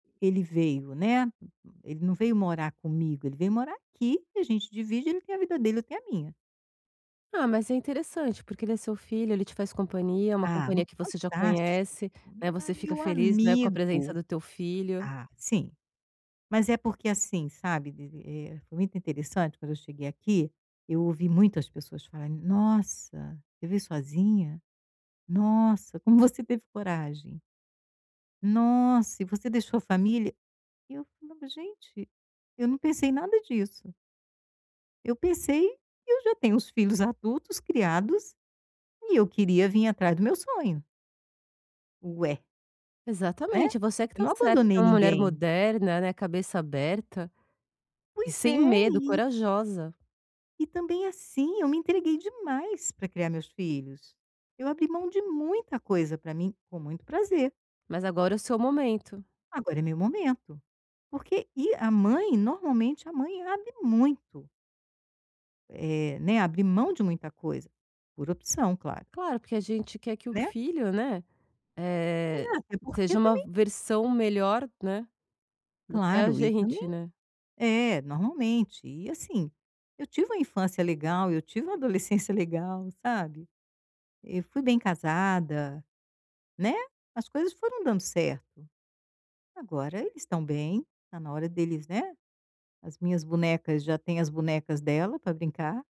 Ele veio, né, ele não veio morar comigo, ele veio morar aqui e a gente divide. Ele tem a vida dele e eu tenho a minha. Ah, mas é interessante porque ele é seu filho, ele te faz companhia, é uma Ah, companhia mu que você já fantástico, conhece, né, ma você fica meu feliz, né, com a presença amigo do teu filho. ah, sim. Mas é porque, assim, sabe, vi vi eh, muito interessante quando eu cheguei aqui, eu ouvi muitas pessoas falarem: "Nossa, você veio sozinha? Nossa, como você teve coragem?". "Nossa e você deixou a família?" Eu falava: "Gente, eu não pensei em nada disso". Eu pensei que eu já tenho os filhos adultos, criados e eu queria vim atrás do meu sonho. Ué. Né. Exatamente, você é que Eu está não certa, é abandonei uma mulher ninguém. moderna, né, cabeça aberta e Pois sem é, medo, e corajosa. E também, assim, eu me entreguei demais para criar meus filhos, eu abri mão de muita coisa para mim com muito prazer. Mas agora é o seu momento. Agora é meu momento, porque e a mãe normalmente a mãe abre muito. É, né, abre mão de muita coisa por opção, claro. Claro, porque a gente quer que o Né? filho, né, E a eh, é porque seja uma também versão melhor, né, do que a Claro e também gente, né. é, normalmente. E, assim, eu tive uma infância legal, eu tive uma adolescência legal, sabe. Eu fui bem casada, né, as coisas foram dando certo. Agora eles estão bem, está na hora deles, né, as minhas bonecas já têm as bonecas dela para brincar